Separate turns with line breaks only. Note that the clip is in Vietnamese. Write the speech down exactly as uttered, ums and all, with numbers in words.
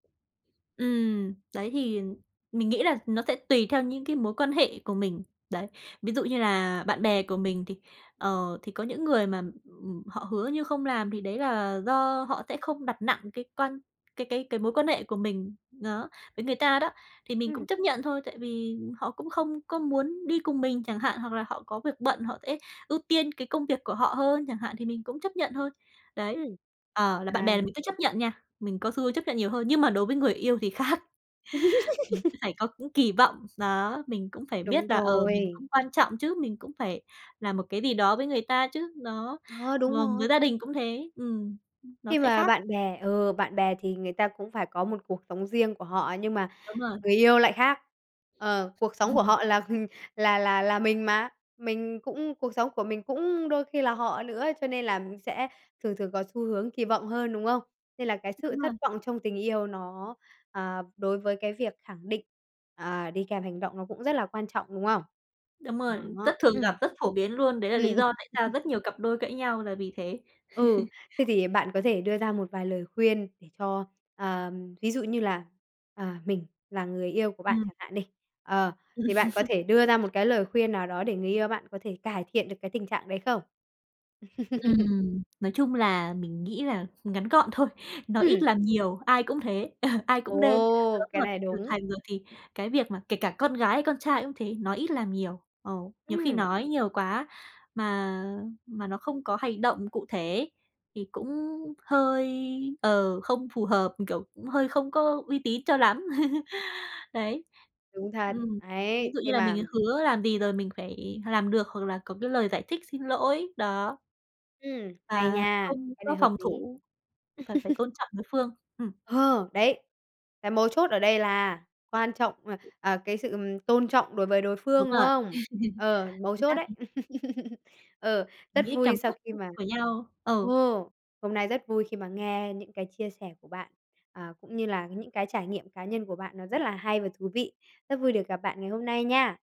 Ừm. Đấy, thì mình nghĩ là nó sẽ tùy theo những cái mối quan hệ của mình, đấy. Ví dụ như là bạn bè của mình thì, ờ, thì có những người mà, ừm, họ hứa như không làm thì đấy là do họ thẽ không đặt nặng cái quan cái cái cái mối quan hệ của mình, n đó, với người ta đó, thì mình cũng
Ừm.
chấp nhận thôi. Tại vì họ cũng không có muốn đi cùng mình chẳng hạn, hoặc là họ có việc bận, họ sẽ ưu tiên cái công việc của họ hơn chẳng hạn thì mình cũng chấp nhận thôi, đấy.
Ừm,
Ờ, là bạn bè
à.
là mình cứ chấp nhận nha. Mình có xu hướng chấp nhận nhiều hơn, nhưng mà đối với người yêu thì khác. Mình cứ phải có những kỳ vọng, đó, mình cũng phải
Đúng
biết là, ờ, mình
rồi.
cũng quan trọng chứ, mình cũng phải là một cái gì đó với người ta chứ. Đó,
Ờ, đúng
vâng,
rồi!
với gia đình cũng thế, ừm, ưm, nó
Khi
sẽ
mà
khác.
bạn bè ừ, bạn bè thì người ta cũng phải có một cuộc sống riêng của họ nhưng mà
Đúng rồi.
người yêu lại khác. Ờ, cuộc sống của họ là là là là mình mà. Mình cũng cuộc sống của mình cũng đôi khi cũng là họ nữa cho nên là mình sẽ thường thường có xu hướng kỳ vọng hơn, đúng không? Nên là cái sự
Đúng rồi.
thất vọng trong tình yêu nó, à, đối với cái việc khẳng định, à, đi kèm hành động nó cũng rất là quan trọng, đúng không?
Đúng rồi, rất
Đó,
thường gặp,
ừm.
rất phổ biến luôn. Đấy là
Ừm.
lý do tại sao rất nhiều cặp đôi cãi nhau là vì thế.
Ừ. Thế thì bạn có thể đưa ra một vài lời khuyên để cho, ờm, ví dụ như là, à, mình là người yêu của bạn
Ừm.
chẳng hạn đi, ờ, thì bạn có thể đưa ra một cái lời khuyên nào đó để người yêu bạn có thể cải thiện được cái tình trạng đấy không?
Ừm, nói chung là mình nghĩ là ngắn gọn thôi, nói ít
Ừm.
làm nhiều, ai cũng thế, ai cũng nên
Ồ,
lớn
cái
rồi,
này
trưởng
đúng!
thành rồi thì cái việc mà kể cả con gái hay con trai cũng thế, nói ít làm nhiều. Ờ, nhiều khi
Ừm.
nói nhiều quá mà mà nó không có hành động cụ thể ấy thì cũng hơi ờ, không phù hợp, kiểu, cũng hơi không có uy tín cho lắm. Đấy,
Đúng thật,
ừm. Ví
ấy,
dụ như
khi
là mình
mà
hứa làm gì rồi mình phải làm được hoặc là có cái lời giải thích, xin lỗi, đó.
Ừm, hay
Và
nha,
không
cái này
có
hợp
phòng
lý!
thủ và phải tôn trọng đối phương. Ừm.
Ờ, đấy, cái mấu chốt ở đây là quan trọng, à, à, cái sự, ừm, tôn trọng đối với đối phương,
Đúng
đúng
rồi.
không? Ờ, mấu
Chính xác, chính
chốt đấy.
xác.
Ờ, rất
Nghĩ
vui
cảm
sau
xúc
khi
[unintelligible]
mà
của nhau. Ừ.
ồ. Hôm nay rất vui khi mà nghe những cái chia sẻ của bạn, à, cũng như là những cái trải nghiệm cá nhân của bạn nó rất là hay và thú vị. Rất vui được gặp bạn ngày hôm nay nha.